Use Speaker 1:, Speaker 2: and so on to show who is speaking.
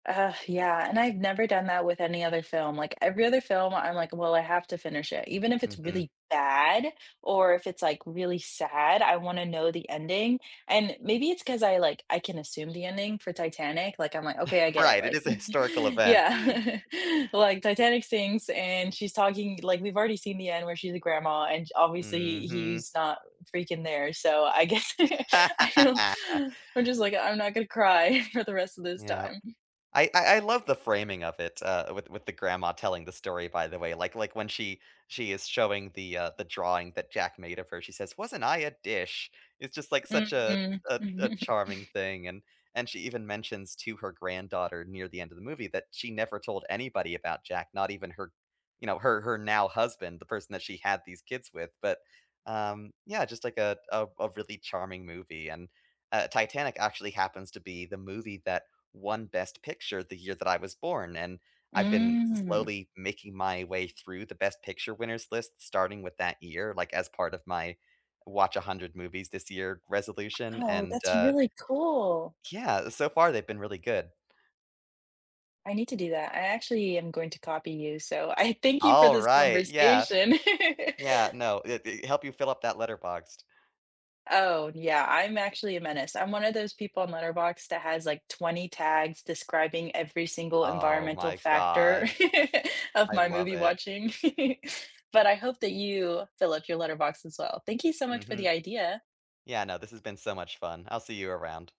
Speaker 1: Ugh, yeah, and I've never done that with any other film, like, every other film I'm like, "Well, I have to finish it," even if it's
Speaker 2: Mhm.
Speaker 1: really bad or if it's, like, really sad, I wanna know the ending, and maybe it's 'cause I, like, I can assume the ending, for Titanic, like, I'm, like, "OK, I get it,"
Speaker 2: Right, it
Speaker 1: like,
Speaker 2: is a historical event.
Speaker 1: yeah, like, Titanic sinks and she's talking like, we've already seen the end where she's a grandma and j obviously
Speaker 2: Mhm.
Speaker 1: he's not freaking there, so I guess I don't, I'm just, like, "I'm not gonna cry for the rest of this
Speaker 2: Yep.
Speaker 1: time."
Speaker 2: I I I love the framing of it, uh, with with the grandma telling the story, by the way, like like, when she she is showing the, uh, the drawing that Jack made of her, she says, "Wasn't I a dish?" It's just, like, such a
Speaker 1: Mhm,
Speaker 2: a a
Speaker 1: mhm.
Speaker 2: charming thing, and and she even mentions to her granddaughter near the end of the movie that she never told anybody about Jack, not even her you know, her her now husband, the person that she had these kids with, but, um, yeah, just, like, a a a really charming movie and, uh Titanic actually happens to be the movie that won Best Picture the year that I was born, and I've been
Speaker 1: Mm.
Speaker 2: slowly making my way through the Best Picture winners lists, starting with that year, like, as part of my watch 100 movies this year resolution,
Speaker 1: Oh,
Speaker 2: and
Speaker 1: that's
Speaker 2: uh
Speaker 1: really cool.
Speaker 2: yeah, so far they've been really good.
Speaker 1: I need to do that, I actually am going to copy you, so I thank you for
Speaker 2: All
Speaker 1: this
Speaker 2: right, yeah.
Speaker 1: conversation.
Speaker 2: Yeah, no, i i help you fill up that letterboxed.
Speaker 1: Oh, yeah, I'm actually a menace, I'm one of those people on Letterbox that has, like, 20 tags describing every single
Speaker 2: Oh,
Speaker 1: environmental
Speaker 2: my
Speaker 1: factor
Speaker 2: god.
Speaker 1: of
Speaker 2: I
Speaker 1: my
Speaker 2: love
Speaker 1: movie
Speaker 2: it.
Speaker 1: watching, but I hope that you fill up your letterbox as well, thank you so much for the
Speaker 2: Mhm.
Speaker 1: idea.
Speaker 2: Yeah, no, this has been so much fun, I'll see you around.